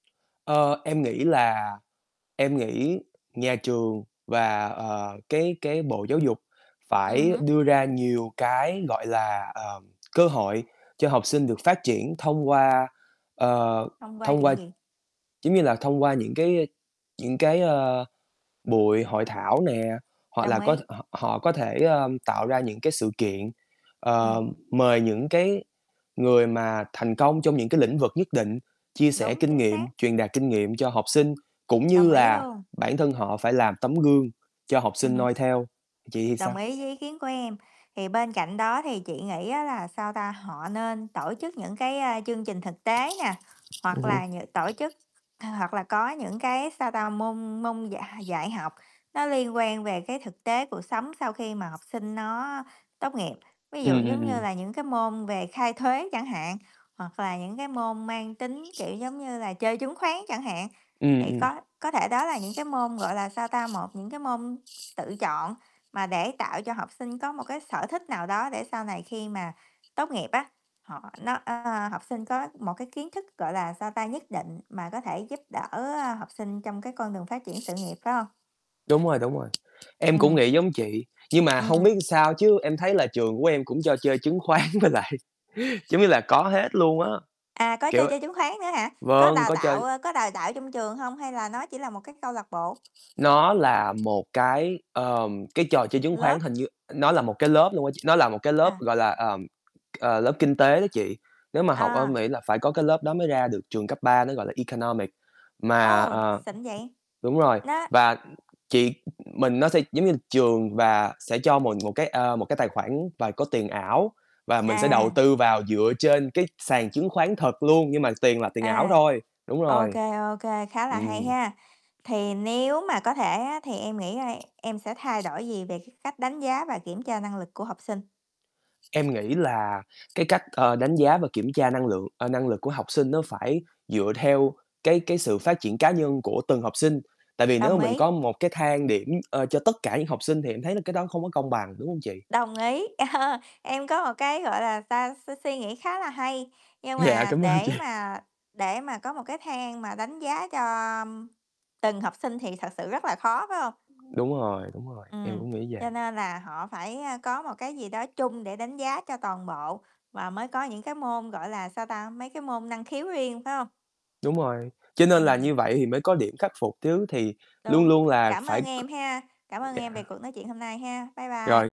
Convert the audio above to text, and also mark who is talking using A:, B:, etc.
A: Ơ, em nghĩ là em nghĩ nhà trường và, ờ, cái cái Bộ Giáo dục
B: Ừm
A: phải
B: hứm.
A: đưa ra nhiều cái, gọi là, ờm, cơ hội cho học sinh được phát triển thông qua, ờ,
B: Thông qua
A: thông qua
B: chuyện gì?
A: giống như là, thông qua những cái, ơ, những cái, ờ, buổi hội thảo nè, hoặc
B: Đồng
A: là có
B: ý.
A: họ họ có thể, ơ, tạo ra những cái sự kiện,
B: Ừm.
A: ờ, mời những cái người mà thành công trong những cái lĩnh vực nhất định chia sẻ
B: Đúng,
A: kinh
B: chính
A: nghiệm,
B: xác.
A: truyền đạt kinh nghiệm cho học sinh, cũng như
B: Đồng ý
A: là
B: luôn.
A: bản thân họ phải làm tấm gương cho học
B: Ừm
A: sinh
B: hứm.
A: noi theo. Chị thì sao?
B: Đồng ý với ý kiến của em. Thì bên cạnh đó thì chị nghĩ á là, sao ta, họ nên tổ chức những cái, a, chương trình thực tế nè,
A: Ừm
B: hoặc
A: hưm.
B: là những tổ chức h hoặc là có những cái, sao ta, môn môn dạy h dạy học, nó liên quan về cái thực tế cuộc sống sau khi mà học sinh nó tốt nghiệp. Ví dụ
A: Ừm, ừm,
B: giống như
A: ừm.
B: là những cái môn về khai thuế chẳng hạn, hoặc là những cái môn mang tính, kiểu, giống như là chơi chứng khoán chẳng hạn.
A: Ừm,
B: Thì
A: ừm.
B: có có thể đó là những cái môn, gọi là, sao ta, một những cái môn tự chọn mà để tạo cho học sinh có một cái sở thích nào đó để sau này khi mà tốt nghiệp á, họ nó ơ, học sinh có một cái kiến thức, gọi là, sao ta, nhất định mà có thể giúp đỡ, ơ, học sinh trong cái con đường phát triển sự nghiệp, phải hông?
A: Đúng rồi, đúng rồi. Em cũng
B: Ừm.
A: nghĩ giống chị, nhưng mà hông
B: Ừm.
A: biết sao chứ em thấy là trường của em cũng cho chơi chứng khoán với lại giống như là có hết luôn á,
B: À, có cho
A: kiểu
B: chơi chứng khoán nữa hả? Có
A: vâng,
B: đào
A: có chơi
B: tạo, ơ, có đào tạo trong trường hông hay là nó chỉ là một cái câu lạc bộ?
A: Nó là một cái, ờ, cái trò chơi chứng khoán,
B: Lớp.
A: hình như nó là một cái lớp luôn á ch nó là một cái lớp,
B: À.
A: gọi là, ờm, ờ, lớp kinh tế đó chị. Nếu mà học ở
B: À.
A: Mỹ là phải có cái lớp đó mới ra được trường cấp 3, nó gọi là Economic. Mà,
B: Ô!
A: ờ
B: Xịn vậy.
A: đúng rồi,
B: Nó
A: và chị mình nó sẽ giống như trường và sẽ cho mình một cái, ờ, một cái tài khoản, và có tiền ảo và mình sẽ đầu
B: À.
A: tư vào dựa trên cái sàn chứng khoán thật luôn, nhưng mà tiền là tiền ảo
B: À,
A: thôi, đúng
B: OK,
A: rồi.
B: OK, khá là hay
A: Ừm.
B: ha. Thì nếu mà có thể á, thì em nghĩ, a, em sẽ thay đổi gì về cái cách đánh giá và kiểm tra năng lực của học sinh?
A: Em nghĩ là cái cách, ờ, đánh giá và kiểm tra năng lượng ờ, năng lực của học sinh nó phải dựa theo cái cái sự phát triển cá nhân của từng học sinh. Tại vì nếu
B: Đồng
A: mà mình
B: ý.
A: có một cái thang điểm, ờ, cho tất cả những học sinh thì em thấy là cái đó không có công bằng, đúng hông chị?
B: Đồng ý. Em có một cái, gọi là sao, suy suy nghĩ khá là hay, nhưng
A: Dạ,
B: mà
A: cảm ơn chị.
B: để mà để mà có một cái thang mà đánh giá cho từng học sinh thì thật sự rất là khó, phải hông?
A: Đúng rồi, đúng rồi, em
B: Ừm,
A: cũng nghĩ
B: cho
A: vậy.
B: nên là họ phải, ơ, có một cái gì đó chung để đánh giá cho toàn bộ, và mới có những cái môn, gọi là, sao ta, mấy cái môn năng khiếu riêng phải hông?
A: Đúng rồi, cho nên là
B: Ừm.
A: như vậy thì mới có điểm khắc phục chứ, thì luôn
B: Đúng.
A: luôn là
B: Cảm
A: phải
B: ơn
A: c
B: em ha. Cảm ơn
A: dạ.
B: em về cuộc nói chuyện hôm nay ha. Bye bye.
A: Rồi.